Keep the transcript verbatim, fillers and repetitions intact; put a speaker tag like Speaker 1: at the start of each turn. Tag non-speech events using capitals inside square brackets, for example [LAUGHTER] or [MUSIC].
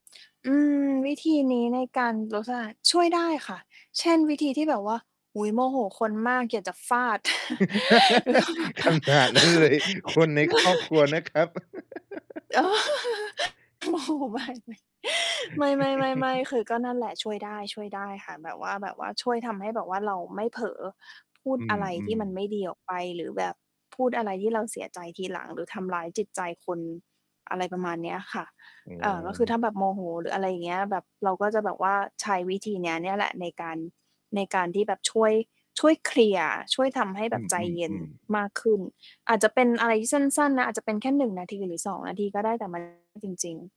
Speaker 1: อืม วิธีนี้ในการลดซ่า ช่วยได้ค่ะ เช่น วิธีที่แบบว่า อุ๊ย! โมโหคนมาก อยากจะฟาด [CHUCKLES] แล้วแบบว่า
Speaker 2: [LAUGHS] ขนาดนั้นเลย คนในครอบครัวน
Speaker 1: [LAUGHS]
Speaker 2: ะครับ [LAUGHS]
Speaker 1: อ๋อ โมโหมากเลย ไม่ ๆ ๆ
Speaker 2: [LAUGHS]
Speaker 1: ๆ คือก็นั่นแหละ ช่วยได้ ช่วยได้ค่ะ แบบว่า แบบว่าช่วยทำให้แบบว่าเราไม่เผลอพูด
Speaker 2: อื
Speaker 1: อะไรที่
Speaker 2: อ
Speaker 1: มัน
Speaker 2: ๆ
Speaker 1: ไม่ดีออกไป หรือแบบพูดอะไรที่เราเสียใจทีหลัง หรือทำร้ายจิตใจคน อะไรประมาณเนี้ยค่ะ
Speaker 2: อ
Speaker 1: เอ่อ ก็คือ
Speaker 2: ๋อ
Speaker 1: ถ้าแบบโมโห หรืออะไรอย่างเงี้ย แบบเราก็จะแบบว่าใช้วิธีนี้เนี่ยแหละ ในการ ในการที่แบบ ช่วย ช่วยเคลียร์ ช่วยทำให้แ
Speaker 2: อ
Speaker 1: บ
Speaker 2: ื
Speaker 1: บใจเย็น
Speaker 2: อ ๆ ๆ
Speaker 1: มากขึ้น อาจจะเป็นอะไรที่สั้น ๆ นะ อาจจะเป็นแค่ หนึ่ง นาที หรือ สอง นาที ก็ได้ แต่ มัน จริง ๆ